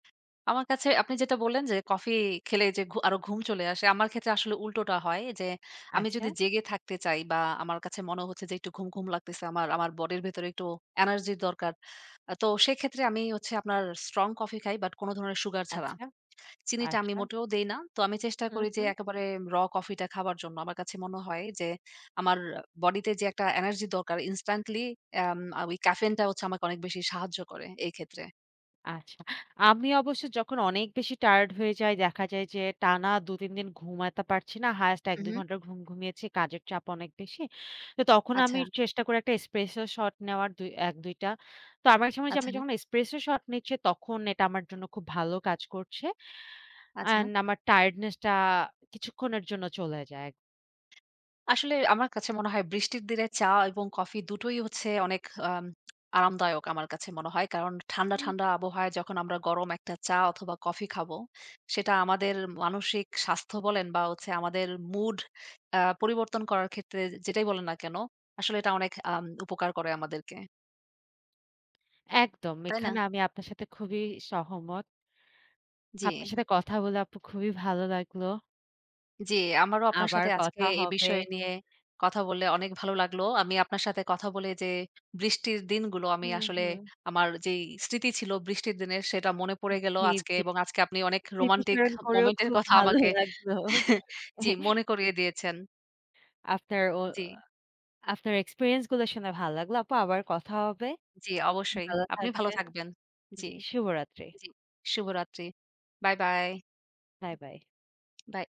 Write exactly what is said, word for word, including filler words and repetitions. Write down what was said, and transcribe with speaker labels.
Speaker 1: আমার কাছে আপনি যেটা বললেন যে, কফি খেলে যে, ঘ আরো ঘুম চলে আসে, আমার ক্ষেত্রে আসলে উল্টোটা হয় যে, আমি যদি
Speaker 2: আচ্ছা?
Speaker 1: জেগে থাকতে চাই বা আমার কাছে মনে হচ্ছে যে, একটু ঘুম, ঘুম লাগতেছে। আমার, আমার বডির ভেতরে একটু এনার্জি দরকার। আ তো সেক্ষেত্রে আমি হচ্ছে আপনার স্ট্রং কফি খাই। বাট কোন ধরনের সুগার ছাড়া।
Speaker 2: আচ্ছা,
Speaker 1: চিনিটা আমি
Speaker 2: আচ্ছা।
Speaker 1: মোটেও দেই না। তো আমি চেষ্টা
Speaker 2: হু,
Speaker 1: করি যে
Speaker 2: হু।
Speaker 1: একেবারে raw কফিটা খাওয়ার জন্য। আমার কাছে মনে হয় যে, আমার বডিতে যে, একটা এনার্জি দরকার ইনস্ট্যান্টলি এম ঐ ক্যাফেইনটা হচ্ছে আমাকে অনেক বেশি সাহায্য করে এই ক্ষেত্রে।
Speaker 2: আচ্ছা। আমি অবশ্য যখন অনেক বেশি টায়ারড হয়ে যাই দেখা যায় যে, টানা দু তিন দিন ঘুমাইতে পারছি না। হাইয়েস্ট এক
Speaker 1: হু,
Speaker 2: দুই
Speaker 1: হু।
Speaker 2: ঘন্টা ঘুম ঘুমিয়েছি। কাজের চাপ অনেক বেশি। তো তখন আমি
Speaker 1: আচ্ছা।
Speaker 2: চেষ্টা করি এক টা Espresso Shot নেওয়ার দু এক দুই টা। তো আমার সময়,
Speaker 1: আচ্ছা।
Speaker 2: আমি যখন Espresso Shot নিচ্ছি তখন এটা আমার জন্য খুব ভালো কাজ করছে।
Speaker 1: আচ্ছা।
Speaker 2: অ্যান্ড আমার টায়ার্ডনেসটা কিছুক্ষণের জন্য চলে যায়।
Speaker 1: আসলে আমার কাছে মনে হয়, বৃষ্টির দিনে চা এবং কফি দু টোই হচ্ছে অনেক আম আরামদায়ক আমার কাছে মনে হয়। কারণ ঠান্ডা,
Speaker 2: হুম।
Speaker 1: ঠান্ডা আবহাওয়ায় যখন আমরা গরম এক টা চা অথবা কফি খাবো, সেটা আমাদের মানসিক স্বাস্থ্য বলেন বা হচ্ছে আমাদের মুড আ পরিবর্তন করার ক্ষেত্রে যেটাই বলেন না কেন, আসলে এটা অনেক আম উপকার করে আমাদেরকে।
Speaker 2: একদম।
Speaker 1: তাই না?
Speaker 2: এখানে আমি আপনার সাথে খুবই সহমত। আপনার
Speaker 1: জি।
Speaker 2: সাথে কথা বলে আপু খুবই ভালো লাগল।
Speaker 1: জি, আমারও আপনার
Speaker 2: আবার
Speaker 1: সাথে আজকে
Speaker 2: কথা
Speaker 1: এই
Speaker 2: হবে।
Speaker 1: বিষয় নিয়ে কথা বলে অনেক ভালো লাগলো। আমি আপনার সাথে কথা বলে এই যে, বৃষ্টির দিনগুলো আমি
Speaker 2: হুম,
Speaker 1: আসলে,
Speaker 2: হুম।
Speaker 1: আমার যেই স্মৃতি ছিল বৃষ্টির দিনে সেটা মনে পড়ে
Speaker 2: হুম,
Speaker 1: গেল
Speaker 2: জি,
Speaker 1: আজকে
Speaker 2: জি।
Speaker 1: এবং আজকে আপনি অনেক রোমান্টিক
Speaker 2: স্মৃতিচারণ করেও
Speaker 1: মোমেন্ট এর
Speaker 2: খুব
Speaker 1: কথা
Speaker 2: ভালো
Speaker 1: আমাকে
Speaker 2: লাগলো।
Speaker 1: জি মনে করিয়ে দিয়েছেন।
Speaker 2: আপনার, অ
Speaker 1: জি।
Speaker 2: আপনার এক্সপেরিয়েন্স গুলো শুনে ভালো লাগলো আপু। আবার কথা হবে।
Speaker 1: জি অবশ্যই।
Speaker 2: ভালো
Speaker 1: আপনি ভালো
Speaker 2: থাকবেন।
Speaker 1: থাকবেন। জি,
Speaker 2: জি। শুভরাত্রি।
Speaker 1: জি। শুভরাত্রি। Bye, bye.
Speaker 2: Bye, bye.
Speaker 1: By.